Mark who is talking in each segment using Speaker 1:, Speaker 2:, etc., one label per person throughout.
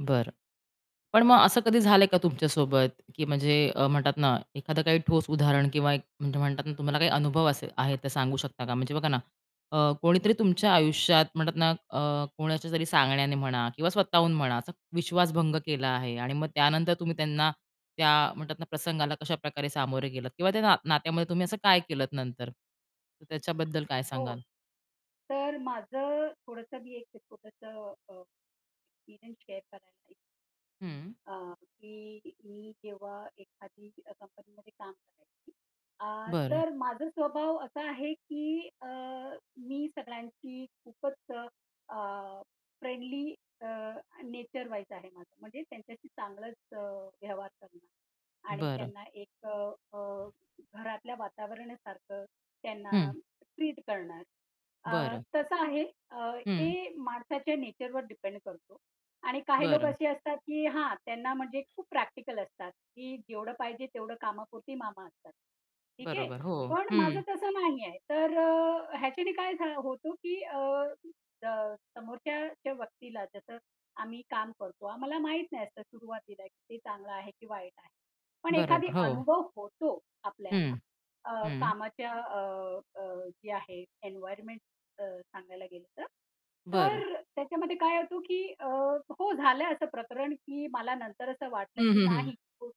Speaker 1: बरं. पण मग असं कधी झालंय का तुमच्यासोबत, की म्हणजे अ, म्हणतात ना, एखादं काही ठोस उदाहरण किंवा एक म्हणजे म्हणतात ना तुम्हाला काही अनुभव असे आहे ते सांगू शकता का? म्हणजे बघा ना अ, कोणीतरी तुमच्या आयुष्यात म्हणतात ना, अ, कोणाच्यातरी सांगण्याने म्हणा किंवा स्वतःहून म्हणा, असा विश्वास भंग केला आहे आणि मग त्यानंतर तुम्ही त्यांना त्या म्हणतात ना, प्रसंगाला कशाप्रकारे सामोरे गेलत किंवा त्या ना नात्यामध्ये तुम्ही असं काय केलत नंतर, तर त्याच्याबद्दल काय
Speaker 2: हो.
Speaker 1: सांगाल?
Speaker 2: तर माझं अ, थोडंसं मी एक छोटंसं अ, एक्सपिरियन्स शेअर करायला एक
Speaker 1: हं.
Speaker 2: अ, की मी जेव्हा एखादी कंपनीमध्ये काम करायची, अ,
Speaker 1: बरं.
Speaker 2: तर माझा स्वभाव असा आहे, की अ, मी सगळ्यांशी खूपच अ, फ्रेंडली अ, नेचर वाईज आहे, माझं म्हणजे त्यांच्याशी चांगलंच अ, व्यवहार करणार. आणि
Speaker 1: बरं.
Speaker 2: त्यांना एक अ, अ, घरातल्या वातावरणासारखं त्यांना
Speaker 1: हं.
Speaker 2: ट्रीट करणार. अ,
Speaker 1: बरं.
Speaker 2: तसं आहे. अ, ते
Speaker 1: हं.
Speaker 2: माणसाच्या नेचरवर डिपेंड करतो आणि काही लोक
Speaker 1: बरं.
Speaker 2: असे असतात की हां, त्यांना म्हणजे खूप प्रॅक्टिकल असतात, की जेवढं पाहिजे तेवढं कामापुरती मामा असतात. ठीक आहे.
Speaker 1: बरोबर हो,
Speaker 2: पण माझं
Speaker 1: हं.
Speaker 2: तसं नाहीये. तर ह्याच्याने काय झा होतो, की अ, अ, समोरच्या व्यक्तीला जसं आम्ही काम करतो, आम्हाला माहित नाही असंत सुरुवातीला ते चांगलं आहे, की वाईट आहे. पण
Speaker 1: बरोबर
Speaker 2: एखादा
Speaker 1: हो.
Speaker 2: अनुभव होतो आपल्याला
Speaker 1: हं.
Speaker 2: अ,
Speaker 1: हं.
Speaker 2: कामाच्या अ, अ, जे आहे एन्व्हायर्नमेंट अ, सांगायला गेलं तर,
Speaker 1: बरं.
Speaker 2: तर त्याच्यामध्ये काय होतं की अ हो झालंय असं प्रकरण की मला नंतर असं वाटलं
Speaker 1: हं,
Speaker 2: की
Speaker 1: हं, हं.
Speaker 2: नाही, तो [unintelligible]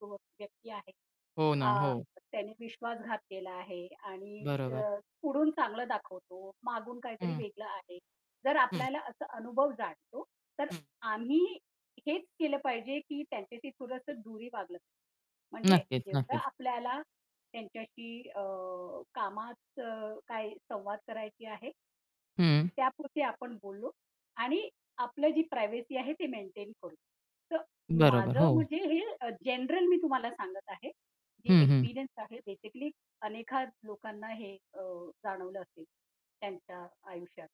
Speaker 2: तो [unintelligible] व्यक्ती आहे.
Speaker 1: हो ना,
Speaker 2: आ,
Speaker 1: हो.
Speaker 2: त्यांनी विश्वासघात केला आहे आणि
Speaker 1: बरोबर.
Speaker 2: अ, पुढून चांगलं दाखवतो. मागून काहीतरी
Speaker 1: हं.
Speaker 2: वेगळं आहे. जर
Speaker 1: हं.
Speaker 2: आपल्याला असा अनुभव जाणवतो, तर
Speaker 1: हं.
Speaker 2: आम्ही हेच केलं पाहिजे, की त्यांच्याशी थोडंसं दुरीनं वागलं. म्हणजे
Speaker 1: नक्कीच,
Speaker 2: जेवढा
Speaker 1: नक्कीच.
Speaker 2: आपल्याला त्यांच्याशी अ, कामात काही संवाद करायचा आहे
Speaker 1: हं.
Speaker 2: त्यापुरतं आपण बोललो. आणि आपली जी प्रायव्हसी आहे, ते मेंटेन करू. तर
Speaker 1: बरोबर,
Speaker 2: माझं
Speaker 1: हो.
Speaker 2: म्हणजे हे अ, जनरल मी तुम्हाला सांगत आहे. जे
Speaker 1: हं, हं.
Speaker 2: एक्सपिरियन्स आहे बेसिकली अनेकदा लोकांना हे अ, जाणवलं असेल, त्यांच्या आयुष्यात.